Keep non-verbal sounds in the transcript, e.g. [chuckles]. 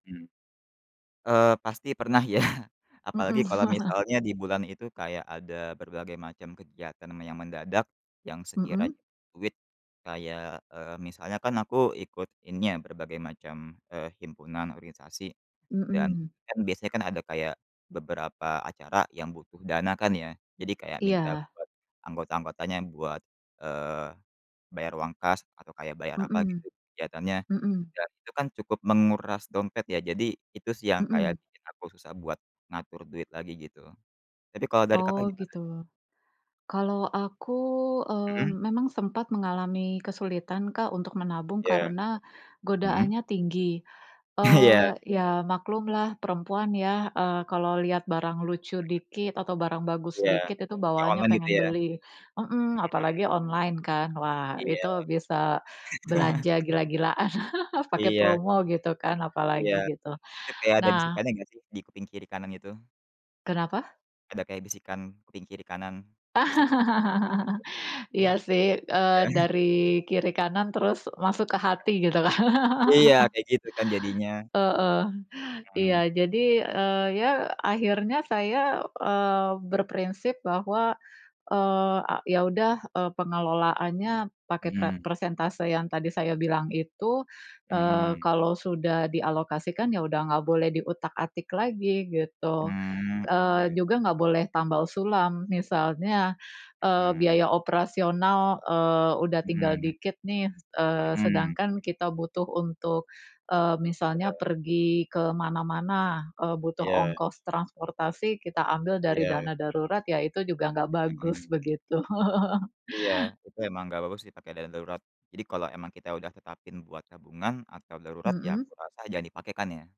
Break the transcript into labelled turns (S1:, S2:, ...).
S1: Hmm. Eee, pasti pernah ya, apalagi
S2: Hmm.
S1: kalau
S2: [chuckles]
S1: misalnya di bulan itu kayak ada berbagai macam kegiatan me yang mendadak, yang
S2: Hmm.
S1: sekiranya duit kayak eee, misalnya kan aku ikut ini ya berbagai macam, eee, himpunan organisasi dan,
S2: Hmm.
S1: kan biasanya kan ada kayak beberapa acara yang butuh dana kan ya, jadi kayak minta
S2: Iya.
S1: buat anggota-anggotanya buat, eee, bayar uang kas, atau kayak bayar apa,
S2: Hmm.
S1: gitu, kegiatannya.
S2: Hmm.
S1: Ya, itu kan cukup menguras dompet ya, jadi itu sih yang
S2: Hmm.
S1: kayak bikin aku susah buat ngatur duit lagi, gitu. Tapi kalau dari Kakak,
S2: Oh,
S1: gimana?
S2: gitu. Kalau aku, eee,
S1: Hmm.
S2: memang sempat mengalami kesulitan Kak, untuk menabung,
S1: Iya.
S2: karena
S1: Hmm.
S2: godaannya tinggi.
S1: [chuckles] Iya.
S2: Eee, iya, maklumlah perempuan ya, eee, kalau lihat barang lucu
S1: Hmm.
S2: dikit atau barang bagus
S1: Iya.
S2: dikit, itu
S1: Kaya
S2: bawaannya
S1: online gitu
S2: pengen
S1: ya?
S2: beli
S1: Hmm.
S2: hmm, apalagi online kan. Wah,
S1: Iya.
S2: itu bisa
S1: [chuckles]
S2: belanja gila-gilaan. [chuckles] Pakai
S1: Iya.
S2: promo gitu kan, apalagi
S1: Iya,
S2: gitu.
S1: itu kayak ada
S2: Nah
S1: bisikannya enggak sih? Di kuping kiri kanan itu?
S2: Kenapa?
S1: Ada kayak bisikan, kuping kiri kanan, bisik bisikan gitu?
S2: [laughs] Iya sih, eee,
S1: Ya. [chuckles]
S2: dari kiri kanan terus masuk ke hati, gitu kan.
S1: Iya,
S2: [laughs]
S1: kayak gitu kan jadinya.
S2: Heeh. Iya,
S1: Hmm.
S2: jadi, eee, ya, akhirnya saya eee, berprinsip bahwa eee, a ya udah, eee, pengelolaannya pakai pra
S1: Hmm.
S2: persentase yang tadi saya bilang itu, eee,
S1: Hmm.
S2: kalau sudah dialokasikan, ya udah enggak boleh diutak-atik lagi, gitu.
S1: Mmm,
S2: Eee,
S1: oke.
S2: juga enggak boleh tambal sulam, misalnya, eee,
S1: Hmm.
S2: biaya operasional, eee, udah tinggal
S1: Hmm.
S2: dikit nih, eee,
S1: Hmm.
S2: sedangkan kita butuh untuk, eee, misalnya
S1: Iya.
S2: pergi ke mana-mana, eee, butuh
S1: Iya.
S2: ongkos transportasi, kita ambil dari
S1: Iya.
S2: dana darurat, ya itu juga enggak bagus,
S1: Hmm.
S2: begitu. [chuckles]
S1: Iya, itu emang enggak bagus sih pakai dana darurat. Jadi, kalau emang kita udah tetapin buat tabungan atau darurat ya
S2: Hmm.
S1: kurasa jangan dipakai kan, ya.